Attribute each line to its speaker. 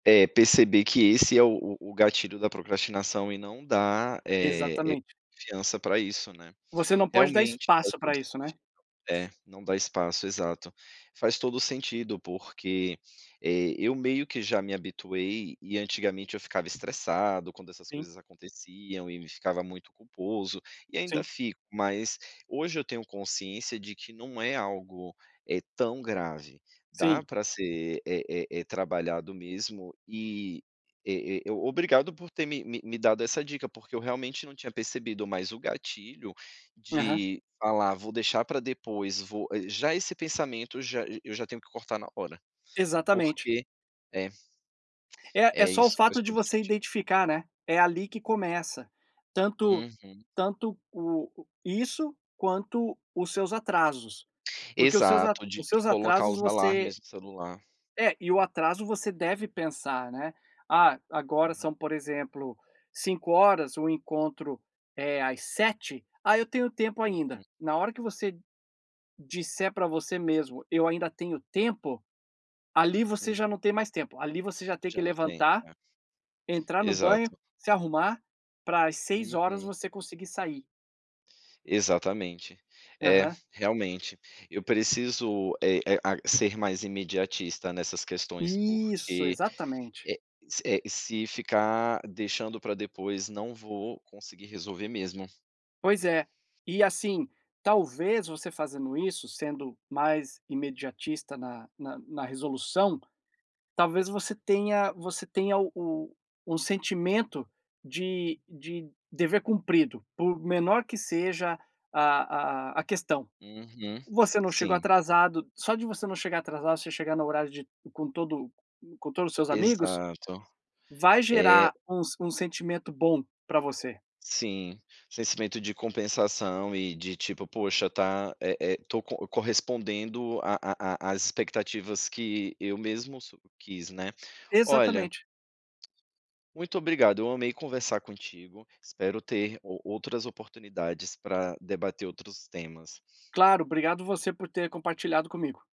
Speaker 1: É perceber que esse é o o o gatilho da procrastinação e não dar, eh eh,
Speaker 2: Exatamente.
Speaker 1: confiança pra isso, né.
Speaker 2: Você não pode dar
Speaker 1: Realmente faz
Speaker 2: espaço pra
Speaker 1: todo
Speaker 2: isso, né.
Speaker 1: sentido, é, não dar espaço, exato. Faz todo o sentido porque, eh, eu meio que já me habituei, e antigamente eu ficava estressado quando essas
Speaker 2: Sim.
Speaker 1: coisas aconteciam e me ficava muito culposo, e ainda
Speaker 2: Sim.
Speaker 1: fico mas, hoje eu tenho consciência de que não é algo, eh, tão grave, dá
Speaker 2: Sim.
Speaker 1: pra ser, eh eh eh, trabalhado mesmo e, eh eh, obrigado por ter me me me dado essa dica porque eu realmente não tinha percebido, mais o gatilho
Speaker 2: Aham.
Speaker 1: de falar: "Vou deixar pra depois, vou" Já esse pensamento, j e eu já tenho que cortar na hora,
Speaker 2: Exatamente.
Speaker 1: porque é
Speaker 2: É, é
Speaker 1: É,
Speaker 2: só o
Speaker 1: isso faz
Speaker 2: fato de
Speaker 1: todo o
Speaker 2: você
Speaker 1: sentido.
Speaker 2: identificar, né, é ali que começa, tanto
Speaker 1: Uhum.
Speaker 2: tanto o isso quanto os seus atrasos, porque os seus a
Speaker 1: Exato, de
Speaker 2: os
Speaker 1: de
Speaker 2: seus
Speaker 1: colocar
Speaker 2: atrasos
Speaker 1: os
Speaker 2: você
Speaker 1: alarmes no celular.
Speaker 2: É, e o atraso você deve pensar, né: "Ah, agora
Speaker 1: Uhum.
Speaker 2: são, por exemplo, 17:00, o encontro é às 19:00, ah eu tenho tempo
Speaker 1: Uhum.
Speaker 2: ainda". Na hora que você disser pra você mesmo: "Eu ainda tenho tempo". Ali você
Speaker 1: Hum.
Speaker 2: já não tem mais tempo, ali você já tem que
Speaker 1: Já não tem,
Speaker 2: levantar,
Speaker 1: é.
Speaker 2: entrar no banho,
Speaker 1: Exato.
Speaker 2: se arrumar pra às 18:00
Speaker 1: Uhum.
Speaker 2: você conseguir sair.
Speaker 1: Exatamente, é,
Speaker 2: Aham.
Speaker 1: realmente, eu preciso é e a ser mais imediatista nessas questões
Speaker 2: Isso,
Speaker 1: porque,
Speaker 2: exatamente.
Speaker 1: eh eh, se ficar deixando pra depois não vou conseguir resolver mesmo.
Speaker 2: Pois é, e assim, talvez você fazendo isso, sendo mais imediatista na na na resolução, talvez você tenha você tenha o o sentimento de de dever cumprido, por menor que seja a a a questão.
Speaker 1: Uhum,
Speaker 2: Você não chegou
Speaker 1: sim.
Speaker 2: atrasado, só de você não chegar atrasado, você chegar no horário de com todo com todos os seus amigos,
Speaker 1: Exato,
Speaker 2: vai
Speaker 1: é.
Speaker 2: gerar um s um sentimento bom para você.
Speaker 1: Sim, sentimento de compensação e de tipo: "Poxa tá, eh eh, tô co correspondendo à à às expectativas que eu mesmo su quis, né". Olha
Speaker 2: Exatamente.
Speaker 1: muito obrigado, eu amei conversar contigo, espero ter o outras oportunidades pra debater outros temas.
Speaker 2: Claro, obrigado você por ter compartilhado comigo.